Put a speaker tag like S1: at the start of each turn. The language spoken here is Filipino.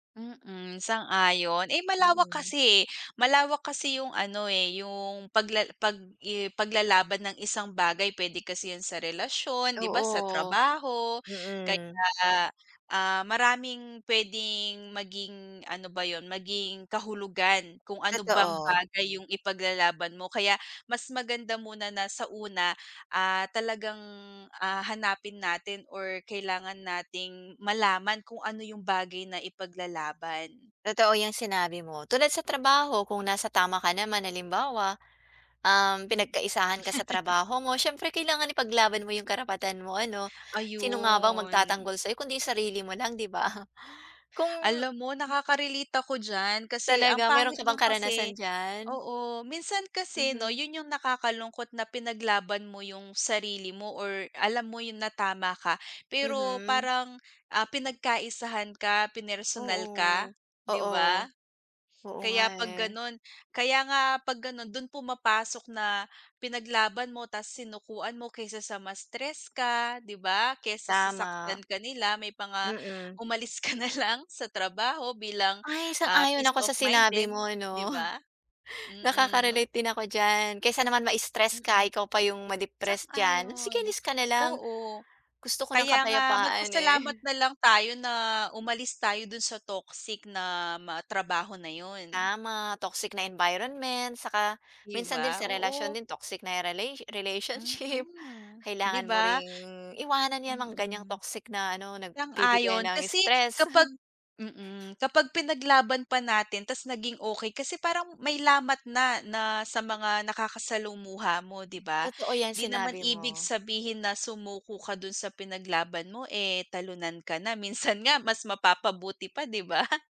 S1: Mm, sang-ayon. Eh, malawak
S2: Mhm.
S1: kasi, eh. Malawak kasi yung ano, eh, yung pagla pag i paglalaban ng isang bagay. P'wede kasi yun sa relasyon, 'di ba sa
S2: Oo,
S1: trabaho.
S2: mm.
S1: Kaya, ah, maraming p'wedeng maging, ano ba yun? Maging kahulugan kung ano bang
S2: Totoo.
S1: bagay yung ipaglalaban mo. Kaya mas maganda muna na sa una, ah, talagang, ah, hanapin natin or kailangan nating malaman kung ano yung bagay na ipaglalaban.
S2: Totoo yung sinabi mo. Tulad sa trabaho, kung nasa tama ka naman. Halimbawa, um, pinagkaisahan ka sa trabaho mo. Syempre kailangan ipaglaban mo yung karapatan mo ano. Sino nga ba ang
S1: Ayun.
S2: magtatanggol sa'yo kundi sarili mo lang 'di ba? Kung
S1: Alam mo nakaka-relate ko d'yan. Kasi ang
S2: Talaga. Meron
S1: pangit
S2: ka bang
S1: lang
S2: karanasan
S1: kasi
S2: diyan?
S1: oo. Minsan kasi 'no
S2: Mhm.
S1: yun yung nakakalungkot na pinaglaban mo yung sarili mo or alam mo yun na tama ka pero
S2: Mhm.
S1: parang, ah, pinagkaisahan ka, pinersonal
S2: Oo,
S1: ka, 'di
S2: oo.
S1: ba?
S2: Oo nga,
S1: Kaya pag
S2: eh.
S1: gano'n, kaya nga pag ganun dun pumapasok na pinaglaban mo, ta's sinukuan mo. Kaysa sa mas stress ka, 'di ba? Kaysa sasaktan
S2: Tama.
S1: ka nila may mga
S2: Mhm.
S1: umalis ka na lang sa trabaho bilang,
S2: Ay,
S1: ah,
S2: sang-ayon
S1: peace
S2: ako
S1: of
S2: sa
S1: mind
S2: sinabi
S1: din,
S2: mo
S1: 'di
S2: 'no.
S1: ba? Mm.
S2: Nakaka-relate din ako diyan. Kaysa naman ma-stress ka.
S1: Mm.
S2: Ikaw pa yung ma-depress dyan. Sige
S1: Sang-ayon,
S2: alis ka nalang.
S1: oo.
S2: Gusto ko ng
S1: Kaya nga
S2: kapayapaan,
S1: magpasalamat
S2: eh.
S1: na lang tayo na umalis tayo dun sa toxic na mga trabaho na yun.
S2: Tama. Toxic na environment, 'tsaka
S1: Di
S2: minsan din
S1: ba?
S2: sa
S1: Oo.
S2: relasyon din, toxic na rela relationship,
S1: Mhm, 'di
S2: kailangan mo
S1: ba?
S2: ring iwanan 'yan. Mga ganyang
S1: Mm.
S2: toxic na ano, nagbibigay
S1: Sang-ayon
S2: ng
S1: kasi
S2: stress.
S1: kapag mm, kapag pinaglaban pa natin ta's naging okey. Kasi parang may lamat na, na sa mga nakakasalumuha mo, 'di ba?
S2: Totoo 'yan
S1: Hindi naman
S2: sinabi
S1: ibig
S2: mo.
S1: sabihin na sumuko ka dun sa pinaglaban mo, eh, talunan ka na. Minsan nga mas mapapabuti pa, 'di ba?